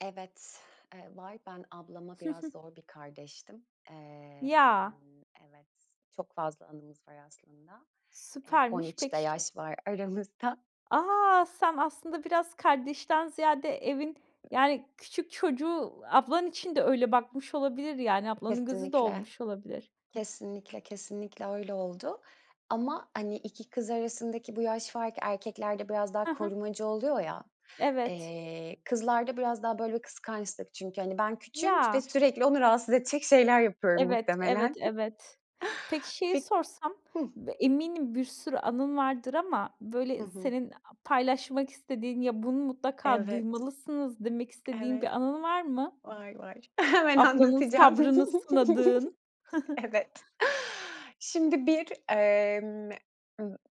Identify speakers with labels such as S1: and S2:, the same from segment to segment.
S1: Evet, ııı, var. Ben ablama
S2: Hı
S1: biraz
S2: hı.
S1: zor bir kardeştim.
S2: Ya.
S1: Imm, evet, çok fazla anımız var aslında. Eee, on
S2: Süpermiş.
S1: üç de
S2: Peki, şey.
S1: yaş var aramızda.
S2: A, sen aslında biraz kardeşten ziyade evin, yani, küçük çocuğu, ablan için de öyle bakmış olabilir, yani, ablanın gözü de
S1: Kesinlikle.
S2: olmuş olabilir.
S1: Kesinlikle, kesinlikle öyle oldu. Ama, hani, 2 kız arasındaki bu yaş farkı erkeklerde biraz daha
S2: Hı hı.
S1: korumacı oluyor, ya.
S2: Evet.
S1: Eee, kızlarda biraz daha böyle bir kıskançlık çünkü, hani, ben küçüğüm ve
S2: Ya.
S1: sürekli onu rahatsız edecek şeyler yapıyorum,
S2: Evet, evet,
S1: muhtemelen.
S2: evet. Peki, şeyi
S1: Bi
S2: sorsam.
S1: Hıh.
S2: B eminim bir sürü anın vardır ama,
S1: Hı
S2: böyle,
S1: hı.
S2: senin a paylaşmak istediğin, ya "Bunu mutlaka
S1: Evet.
S2: duymalısınız." demek istediğin bir
S1: Evet,
S2: anın var mı?
S1: var, var, hemen
S2: Ablanın
S1: anlatacağım.
S2: sabrını sınadığın. Hı hı.
S1: Evet, şimdi, bir, ımm,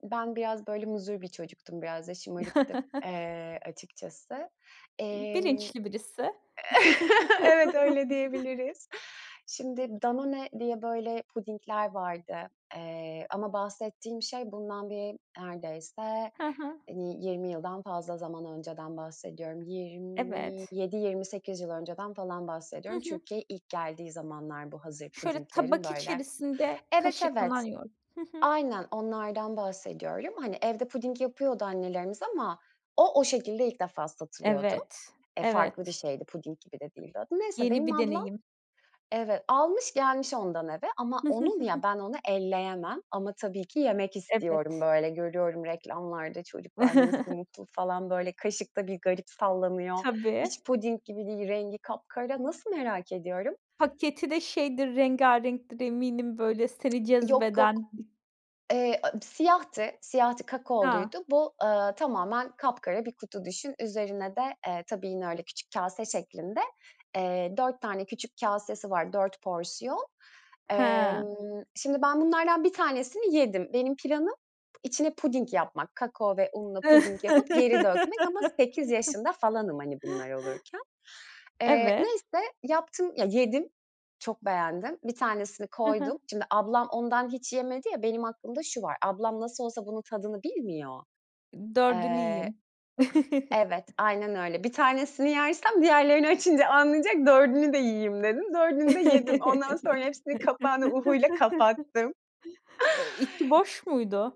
S1: ben, biraz, böyle, muzur bir çocuktum biraz da, şımarıktım, ııı, açıkçası. Imm,
S2: Bilinçli birisi.
S1: evet, öyle diyebiliriz. Şimdi, Danone diye, böyle, pudingler vardı. Eee, ama bahsettiğim şey bundan bir neredeyse,
S2: Hı hı.
S1: hani, 20 yıldan fazla zaman önceden bahsediyorum. yirmi
S2: Evet.
S1: yedi yirmi sekiz yıl önceden falan
S2: Hı
S1: bahsediyorum.
S2: hı.
S1: Türkiye'ye ilk geldiği zamanlar bu hazır
S2: Şöyle,
S1: pudinglerin,
S2: tabak
S1: böyle.
S2: içerisinde
S1: Evet,
S2: kaşık
S1: evet.
S2: [unintelligible] Hı hı.
S1: Aynen, onlardan bahsediyorum. Hani, evde puding yapıyordu annelerimiz ama o o şekilde ilk defa satılıyordu.
S2: Evet,
S1: E, farklı bir
S2: evet.
S1: şeydi puding gibi de değildi o da. Neyse,
S2: Yeni
S1: benim
S2: bir
S1: ablam,
S2: deneyim.
S1: evet, almış gelmiş ondan eve ama onun ya, ben onu elleyemem ama tabii ki, yemek istiyorum,
S2: Evet.
S1: böyle, görüyorum reklamlarda çocuklar nasıl mutlu, falan, böyle, kaşıkta bir garip sallanıyor
S2: Tabii.
S1: hiç puding gibi değil, rengi kapkara, nasıl merak ediyorum?
S2: Paketi de, şeydir, rengarenktir eminim, böyle, seni
S1: Yok, yok.
S2: cezbeden.
S1: Eee, a siyahtı, siyahtı
S2: Ha.
S1: kakaoluydu. Bu, ııı, tamamen kapkara bir kutu düşün. Üzerine de, ııı, tabii, yine, öyle, küçük kase şeklinde, eee, 4 tane küçük kasesi var, 4 porsiyon.
S2: Hıı.
S1: Imm, şimdi, ben bunlardan 1 tanesini yedim. Benim planım içine puding yapmak, kakao ve unla puding yapıp, geri dökmek ama 8 yaşında falanım, hani, bunlar olurken. Iıı,
S2: Evet.
S1: neyse yaptım ya, yedim, çok beğendim. Bir tanesini
S2: Hı hı.
S1: koydum. Şimdi ablam ondan hiç yemedi ya, benim aklımda şu var. Ablam nasıl olsa bunun tadını bilmiyor.
S2: Dördünü
S1: Iıı,
S2: yiyeyim.
S1: evet, aynen öyle, 1 tanesini yersem diğerlerini açınca anlayacak dördünü de yiyeyim dedim, dördünü de yedim. Ondan sonra hepsinin kapağını UHU ile kapattım.
S2: Iıı, içi boş muydu?